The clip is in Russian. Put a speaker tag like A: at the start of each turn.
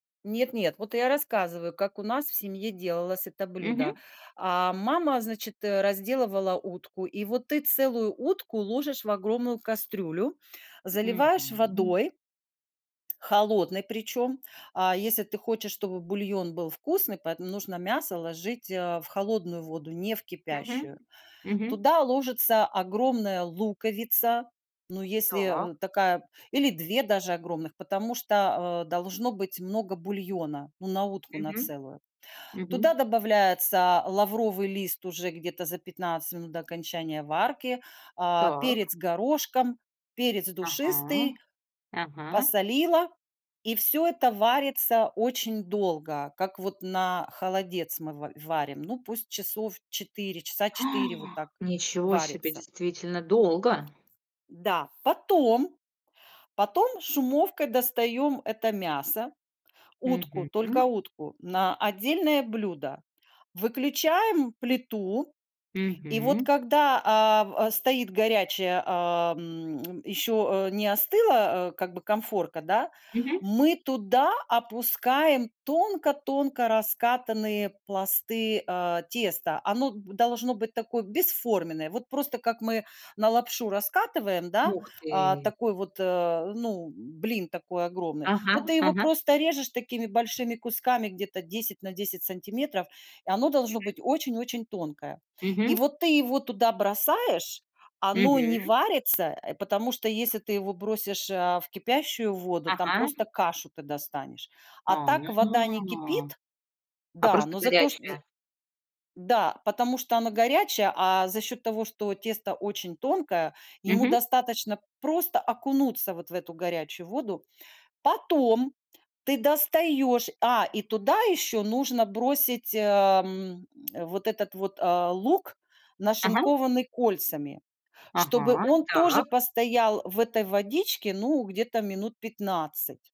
A: Нет нет, вот я рассказываю, как у нас в семье делалось это блюдо.
B: Мгм.
A: А, мама, значит, э, разделывала утку, и вот ты целую утку ложишь в огромную кастрюлю, заливаешь
B: Мгм.
A: водой, холодной причем, а если ты хочешь, чтобы бульон был вкусный, поэтому нужно мясо ложить, э, в холодную воду, не в
B: Мгм
A: кипящую.
B: мгм.
A: Туда ложится огромная луковица, ну, если,
B: Так.
A: э, такая или 2 даже огромных, потому что, а, должно быть много бульона, ну, на утку на
B: Мгм
A: целую. Туда
B: мгм.
A: добавляется лавровый лист уже где-то за 15 минут до окончания варки, а,
B: Так.
A: перец горошком, перец
B: Ага
A: душистый,
B: ага.
A: посолила, и всё это варится очень долго, как вот на холодец мы в варим. Ну, пусть часов 4, часа
B: А!
A: 4, вот так
B: Ничего себе,
A: варится.
B: действительно долго.
A: Да, потом, потом шумовкой достаем это мясо. Утку,
B: Мгм,
A: только
B: м.
A: утку на отдельное блюдо. Выключаем плиту и вот
B: Мгм.
A: когда, а, в стоит горячая, а, м, еще, э, не остыла, э, как бы конфорка, да,
B: Мгм.
A: мы туда опускаем тонко-тонко раскатанные пласты, э, теста. Оно д должно быть такое бесформенное. Вот просто как мы на лапшу раскатываем, да,
B: Ух
A: э,
B: ты!
A: такой вот, э, ну, блин такой огромный.
B: Ага
A: Вот ты его
B: ага.
A: просто режешь такими большими кусками где-то 10 на 10 сантиметров. Оно должно быть
B: Мгм.
A: очень-очень тонкое. И
B: Мгм.
A: вот ты его туда бросаешь, оно не
B: Мгм.
A: варится, потому, э, что если ты его бросишь, э, в кипящую воду, там
B: Ага.
A: просто кашу ты достанешь. А так
B: Ага.
A: вода не кипит,
B: А,
A: да,
B: просто
A: но зато шт з
B: горячая.
A: Да, потому что оно горячее, а за счет того, что тесто очень тонкое, ему
B: Мгм.
A: достаточно просто окунуться вот в эту горячую воду. Потом ты достаешь, а и туда еще нужно бросить, э, м, вот этот вот, а, лук,
B: Ага.
A: нашинкованный кольцами, чтобы
B: Ага,
A: он тоже
B: так.
A: постоял в этой водичке, ну, где-то минут 15.